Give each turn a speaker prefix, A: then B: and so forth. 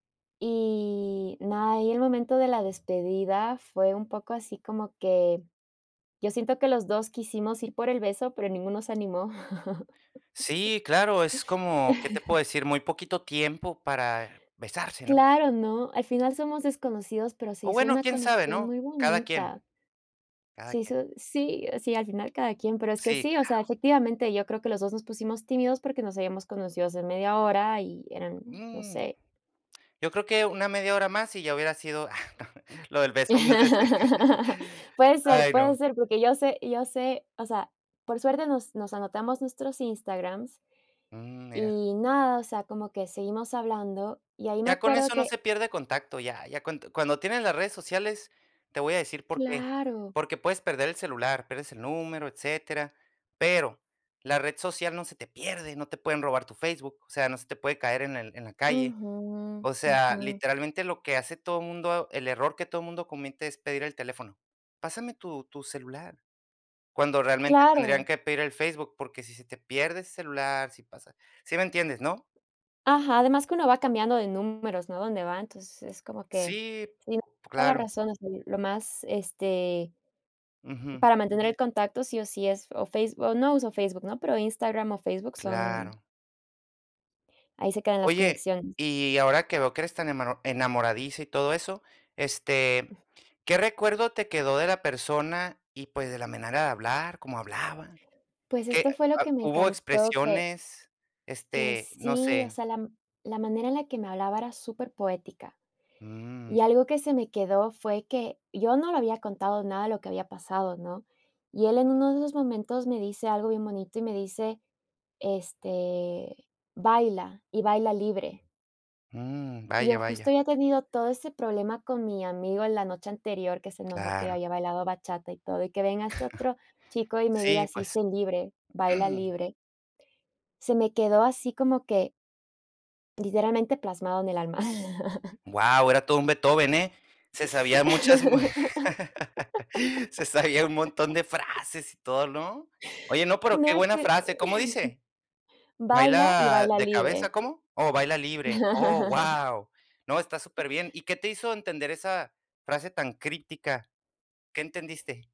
A: Y nada, ahí el momento de la despedida fue un poco así como que yo siento que los 2 quisimos ir por el beso, pero ninguno se animó
B: Sí, claro, es como, ¿qué te puedo decir?, muy poquito tiempo para besarse, ¿no?
A: Claro, ¿no?, al final somos desconocidos, pero se
B: O
A: hizo
B: bueno,
A: una
B: quién sabe,
A: conexión
B: ¿no?,
A: muy
B: cada quien.
A: bonita.
B: Cada
A: Se
B: quien.
A: hizo sí, sí, al final cada quien, pero es que
B: Sí,
A: sí, o sea,
B: claro.
A: efectivamente, yo creo que los 2 nos pusimos tímidos porque nos habíamos conocido hace media hora, y eran, no
B: Mm,
A: sé
B: yo creo que una media hora más, y ya hubiera sido lo del beso más ese.
A: Puede ser,
B: Ay,
A: puede
B: no.
A: ser, porque yo sé yo sé, o sea, por suerte nos nos anotamos nuestros Instagrams,
B: Mm, mira.
A: y nada, o sea, como que seguimos hablando y ahí me
B: Ya con
A: acuerdo
B: eso no
A: que
B: se pierde contacto, ya ya cuan cuando tienes las redes sociales, te voy a decir por qué,
A: Claro.
B: porque puedes perder el celular, pierdes el número, etcétera, pero la red social no se te pierde, no te pueden robar tu Facebook, o sea, no se te puede caer en el en la calle.
A: Ujú.
B: O sea,
A: Ujú.
B: literalmente lo que hace todo mundo el error que todo mundo comete es pedir el teléfono. "Pásame tu tu celular", cuando realmente tendrían
A: Claro.
B: que pedir el Facebook, porque si se te pierde ese celular, si pasa ¿sí me entiendes, no?
A: Ajá, además que uno va cambiando de números, ¿no?, a donde va, entonces es como que
B: Sí,
A: tienes toda la
B: claro.
A: razón, o sea lo más, este
B: Ujú.
A: para mantener el contacto sí o sí, es o Face no uso Facebook, ¿no?, pero Instagram o Facebook son
B: Claro.
A: Ahí se quedan las
B: Oye,
A: conexiones.
B: y ahora que veo que eres tan emano enamoradiza y todo eso, este, ¿qué recuerdo te quedó de la persona, y, pues, de la manera de hablar, cómo hablaba?
A: Pues,
B: Que, eh
A: esto fue lo que me
B: hubo
A: encantó, que
B: expresiones,
A: que
B: este no
A: sí, o
B: sé.
A: sea, la m la manera en la que me hablaba era superpoética. Y
B: Mm.
A: algo que se me quedó fue que, yo no le había contado nada de lo que había pasado, ¿no?, y él en uno de esos momentos me dice algo bien bonito y me dice, este: "Baila y baila libre."
B: Mm,
A: Yo
B: vaya,
A: justo
B: vaya.
A: había tenido todo ese problema con mi amigo la noche anterior, que se enojó que
B: Claro.
A: había bailado bachata y todo, y que venga este otro chico, y me
B: Sí,
A: diga: "Sí,
B: pues.
A: sé libre, baila libre", se me quedó así como que literalmente plasmado en el alma.
B: Guau, era todo un Beethoven, ¿eh? Se sabía muchas, se sabía un montón de frases y todo, ¿no? Oye, no, pero
A: No
B: qué
A: es
B: buena
A: que
B: frase, ¿cómo dice?
A: "Baila y
B: Baila
A: baila
B: de cabeza,
A: libre".
B: ¿cómo Oh, "baila libre". Oh, guau. No, está superbién. ¿Y qué te hizo entender esa frase tan crítica? ¿Qué entendiste?